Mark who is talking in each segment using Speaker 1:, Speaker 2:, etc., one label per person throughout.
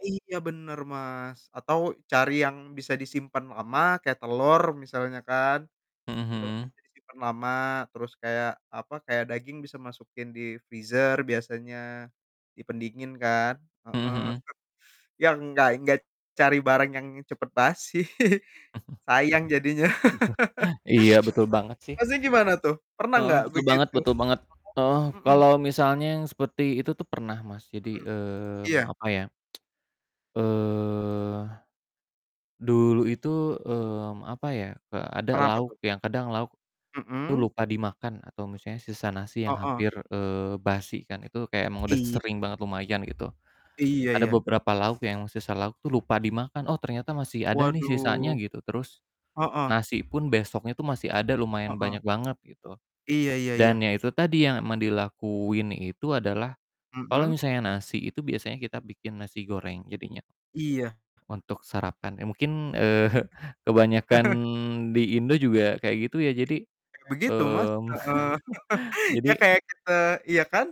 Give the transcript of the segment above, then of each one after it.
Speaker 1: Iya bener, Mas. Atau cari yang bisa disimpan lama kayak telur misalnya kan.
Speaker 2: Mhm
Speaker 1: Itu kan
Speaker 2: mhm.
Speaker 1: bisa disimpan lama. Terus kayak, apa? Kayak daging bisa masukin di freezer biasanya di pendingin kan.
Speaker 2: Mhm
Speaker 1: Heeh.
Speaker 2: mhm.
Speaker 1: Ya enggak enggak cari barang yang cepat basi. Sayang jadinya.
Speaker 2: Iya betul banget sih.
Speaker 1: Ha? Masnya gimana tuh? Pernah
Speaker 2: Heeh.
Speaker 1: nggak
Speaker 2: Betul banget
Speaker 1: begitu?
Speaker 2: betul banget. Heeh,
Speaker 1: [unintelligible] Mhm.
Speaker 2: kalau misalnya yang seperti itu tuh pernah, Mas. Jadi,
Speaker 1: Mhm.
Speaker 2: mmm,
Speaker 1: Iya.
Speaker 2: apa ya? Eee, dulu itu, mmm, apa ya, eee, ada
Speaker 1: Kenapa
Speaker 2: lauk
Speaker 1: tuh?
Speaker 2: yang kadang lauk tuh
Speaker 1: Mhm.
Speaker 2: lupa dimakan atau misalnya sisa nasi yang
Speaker 1: Heeh.
Speaker 2: hampir, eee, basi kan. Itu kayak emang udah
Speaker 1: Iya.
Speaker 2: sering banget lumayan, gitu.
Speaker 1: Iya,
Speaker 2: Ada
Speaker 1: ya.
Speaker 2: beberapa lauk yang sisa lauk tuh lupa dimakan. “Oh, ternyata masih ada, nih, sisanya,”
Speaker 1: Waduh.
Speaker 2: gitu. Terus
Speaker 1: Heeh.
Speaker 2: nasi pun besoknya itu masih ada, lumayan
Speaker 1: Heeh.
Speaker 2: banyak banget, gitu.
Speaker 1: Iya iya
Speaker 2: Dan
Speaker 1: iya.
Speaker 2: ya itu tadi, yang emang dilakuin itu adalah kalau
Speaker 1: Mhm.
Speaker 2: misalnya nasi, itu biasanya kita bikin nasi goreng jadinya.
Speaker 1: Iya.
Speaker 2: Untuk sarapan, eee, mungkin, eee, kebanyakan di Indo juga kayak gitu ya. Jadi,
Speaker 1: Begitu, Mas.
Speaker 2: mmm,
Speaker 1: Heeh.
Speaker 2: Jadi
Speaker 1: Ya kayak kita iya kan?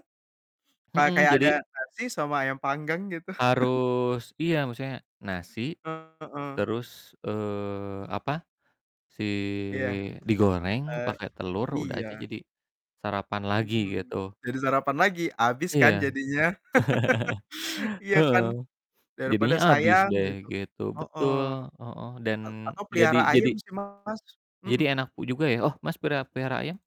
Speaker 1: Pa
Speaker 2: Mhm,
Speaker 1: kayak ada
Speaker 2: jadi
Speaker 1: nasi, sama ayam panggang, gitu.
Speaker 2: harus iya, maksudnya nasi,
Speaker 1: Heeh.
Speaker 2: terus, eee, apa? Si
Speaker 1: Iya.
Speaker 2: digoreng
Speaker 1: Eee,
Speaker 2: pakai telur udah
Speaker 1: iya.
Speaker 2: aja jadi sarapan lagi,
Speaker 1: Mhm.
Speaker 2: gitu.
Speaker 1: Jadi sarapan lagi, abis kan
Speaker 2: Iya.
Speaker 1: jadinya. Iya
Speaker 2: Heeh.
Speaker 1: kan? Daripada
Speaker 2: Jadinya habis
Speaker 1: sayang,
Speaker 2: deh,
Speaker 1: gitu.
Speaker 2: gitu,
Speaker 1: Heeh.
Speaker 2: betul, heeh. Dan
Speaker 1: A atau
Speaker 2: jadi
Speaker 1: pelihara
Speaker 2: jadi
Speaker 1: ayam sih, Mas. Mhm.
Speaker 2: jadi enak u juga ya. Oh, Mas, perea pelihara ayam?